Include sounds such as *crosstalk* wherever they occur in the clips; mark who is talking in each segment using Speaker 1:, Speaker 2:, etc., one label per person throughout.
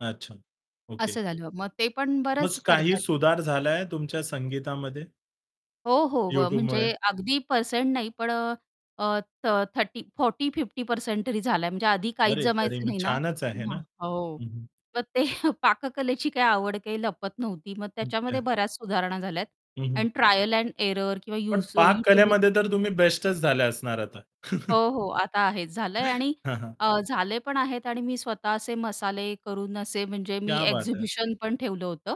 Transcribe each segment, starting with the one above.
Speaker 1: अच्छा, ओके.
Speaker 2: असं झालं मग ते पण
Speaker 1: मग
Speaker 2: बरंच
Speaker 1: काही
Speaker 2: करताहेत.
Speaker 1: सुधार झालाय तुमच्या संगीतामध्ये.
Speaker 2: हो, हो, अ,
Speaker 1: YouTubeमुळे.
Speaker 2: म्हणजे अगदी पर्सेंट नाही पण अ, थ 30 40-50% तरी झालाय, म्हणजे आधी काहीच
Speaker 1: अरे, तरी
Speaker 2: जमायचं
Speaker 1: मग
Speaker 2: नाही ना
Speaker 1: छानच आहे ना.
Speaker 2: हो.
Speaker 1: हं, हं.
Speaker 2: मग ते पाककलेची काय आवड काही लपत नव्हती मग,
Speaker 1: हं,
Speaker 2: त्याच्यामध्ये
Speaker 1: *unintelligible*
Speaker 2: बऱ्याच सुधारणा झाल्यात
Speaker 1: हं, हं.
Speaker 2: आणि ट्रायल एंड एरर किंवा
Speaker 1: पण
Speaker 2: यौसो
Speaker 1: पाक
Speaker 2: YouTubeवर
Speaker 1: कलेमध्ये तर तुम्ही बेस्टच झाले असणार आता.
Speaker 2: हो,
Speaker 1: *chuckles*
Speaker 2: हो. आता आहे झालंय आणि
Speaker 1: हां, हां.
Speaker 2: अ, झाले पण आहेत आणि मी स्वतः असे मसाले करून असे म्हणजे मी
Speaker 1: क्या बात है!
Speaker 2: एक्झिबिशन पण ठेवलं होतं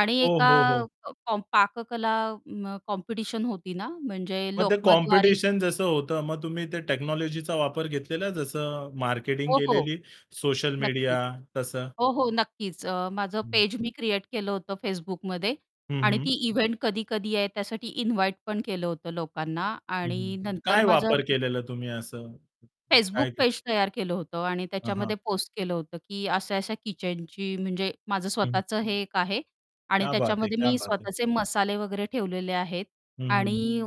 Speaker 2: आणि
Speaker 1: ओ,
Speaker 2: एका
Speaker 1: हो, हो.
Speaker 2: कॉम पाककला अ, कॉम्पिटिशन होती ना म्हणजे
Speaker 1: मग ते
Speaker 2: लोकमतद्वारे
Speaker 1: कॉम्पिटिशन जसं होतं मग तुम्ही ते टेक्नॉलॉजीचा वापर घेतलेला आहे जसं मार्केटिंग
Speaker 2: हो, हो.
Speaker 1: केलेली, सोशल
Speaker 2: नक्कीच.
Speaker 1: मीडिया तसं.
Speaker 2: हो, हो नक्कीच अ, माझं
Speaker 1: हं.
Speaker 2: पेज मी क्रिएट केलं होतं Facebookमध्ये
Speaker 1: हं,
Speaker 2: आणि
Speaker 1: हं.
Speaker 2: ती इव्हेंट कधी-कधी आहे त्यासाठी इन्व्हाईट पण केलं होतं लोकांना
Speaker 1: हं, हं.
Speaker 2: आणि नंतर
Speaker 1: काय
Speaker 2: माझं
Speaker 1: वापर केलेला तुम्ही असं?
Speaker 2: Facebook
Speaker 1: काय
Speaker 2: पेज तयार केलं होतं आणि
Speaker 1: हां, हां.
Speaker 2: त्याच्यामध्ये पोस्ट केलं होतं, की अशा-अशा किचनची म्हणजे माझं
Speaker 1: हं.
Speaker 2: स्वतःचं हे एक आहे आणि
Speaker 1: क्या बात है!
Speaker 2: त्याच्यामध्ये
Speaker 1: क्या
Speaker 2: मी
Speaker 1: बात है!
Speaker 2: स्वतःचे मसाले वगैरे ठेवलेले आहेत.
Speaker 1: हं, हं.
Speaker 2: आणि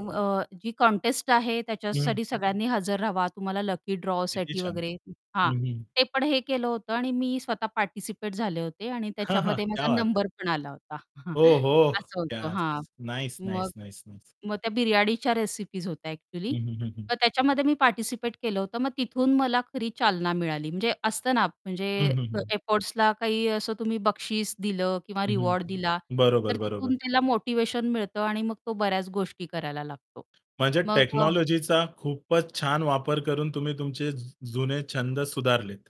Speaker 2: जी कॉन्टेस्ट आहे
Speaker 1: हं.
Speaker 2: त्याच्यासाठी सगळ्यांनी हजर रहावा. तुम्हाला लकी
Speaker 1: किती
Speaker 2: ड्रॉसाठी
Speaker 1: छान.
Speaker 2: वगैरे हां.
Speaker 1: हं, हं.
Speaker 2: ते पण हे केलं होतं आणि मी स्वतः पार्टिसिपेट झाले होते आणि
Speaker 1: *chuckles*
Speaker 2: त्याच्यामध्ये
Speaker 1: क्या
Speaker 2: माझा
Speaker 1: बात है!
Speaker 2: नंबर पण आला होता.
Speaker 1: ओ
Speaker 2: *chuckles*
Speaker 1: हो,
Speaker 2: असं होतं.
Speaker 1: येस
Speaker 2: हां,
Speaker 1: नाईस,
Speaker 2: मग
Speaker 1: नाईस, नाईस, नाईस.
Speaker 2: मग त्या बिर्याणीच्या रेसिपीज होत्या ॲक्चुअली.
Speaker 1: हं, हं, हं, हं.
Speaker 2: तर त्याच्यामध्ये मी पार्टिसिपेट केलं होतं मग तिथून मला खरी चालना मिळाली. म्हणजे असतं ना म्हणजे
Speaker 1: हं, हं, हं.
Speaker 2: एफर्ट्सला काही असं तुम्ही बक्षीस दिलं किंवा
Speaker 1: हं, हं.
Speaker 2: रिवॉर्ड दिला, तर
Speaker 1: बरोबर, बरोबर.
Speaker 2: तिथून त्याला मोटिव्हेशन मिळतं आणि मग तो बऱ्याच गोष्टी करायला लागतो.
Speaker 1: म्हणजे
Speaker 2: मग
Speaker 1: टेक्नॉलॉजीचा खूपच छान वापर करून तुम्ही तुमचे जु जुने छंद सुधारलेत.